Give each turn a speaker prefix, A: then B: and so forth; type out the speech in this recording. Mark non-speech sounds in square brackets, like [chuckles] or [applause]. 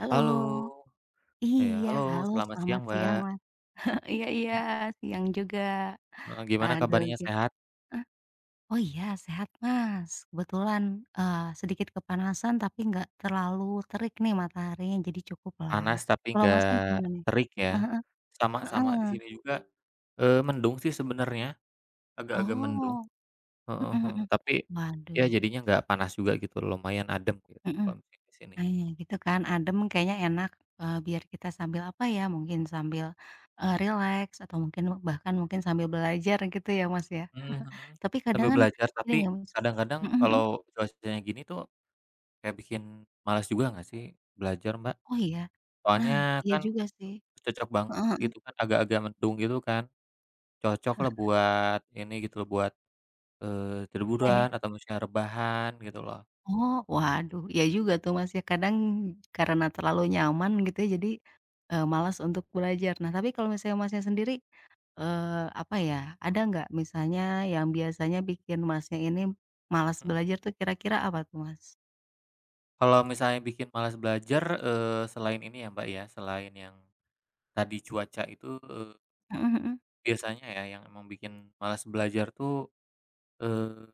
A: Halo.
B: Halo. Iya,
A: Iya,
B: halo
A: halo
B: selamat
A: selamat
B: siang,
A: siang
B: Mbak.
A: Mas, [chuckles] iya iya,
B: Mhm.
A: siang juga.
B: Heeh, gimana
A: Aduh,
B: kabarnya,
A: gi
B: sehat?
A: eh, oh, iya, sehat Mas. Kebetulan, eee, sedikit kepanasan tapi nggak terlalu terik nih mataharinya, jadi cukuplah.
B: Panas tapi
A: Kalau Masnya
B: nggak
A: gimana nih?
B: terik
A: Heeh
B: ya,
A: heeh.
B: sama sama di
A: Heeh.
B: sini juga, eee, mendung sih sebenernya, agak-agak mendung,
A: Oh.
B: heeh
A: Mhm
B: heeh.
A: mhm,
B: Tapi ya
A: waduh.
B: jadinya nggak panas juga gitu loh lumayan adem gitu
A: Mhm,
B: kalo mungkin di sini.
A: aih gitu kan
B: He
A: adem kayaknya enak, eee, biar kita sambil, apa ya, mungkin sambil, eee, rileks atau mungkin me bahkan mungkin sambil belajar gitu ya Mas ya.
B: Mhm
A: [laughs]
B: mhm,
A: Tapi kadang
B: sambil
A: kan
B: belajar
A: sering
B: tapi
A: nggak Mas
B: kadang-kadang
A: mhm mhm?
B: kalo cuacanya gini tuh, kayak bikin males juga nggak sih belajar, Mbak?
A: Oh, iya?
B: Soalnya
A: Nah, iya
B: kan,
A: juga sih.
B: cocok banget
A: Heeh heeh.
B: gitu kan, agak-agak mendung gitu kan, cocoklah
A: [chuckles]
B: buat ini gitu loh buat, eee,
A: Iya iya.
B: liburan atau maksudnya rebahan gitu loh.
A: Oh, waduh, iya juga tuh Mas ya kadang karena terlalu nyaman gitu ya jadi, eee, malas untuk belajar. Nah, tapi kalo misalnya Masnya sendiri, eee, apa ya, ada nggak misalnya yang biasanya bikin Masnya ini malas
B: Mhm.
A: belajar tuh kira-kira apa tuh Mas?
B: Kalau misalnya bikin malas belajar, eee, selain ini ya Mbak ya, selain yang tadi cuaca itu, eee
A: Mhm mhm.
B: biasanya ya yang emang bikin malas belajar tuh, eee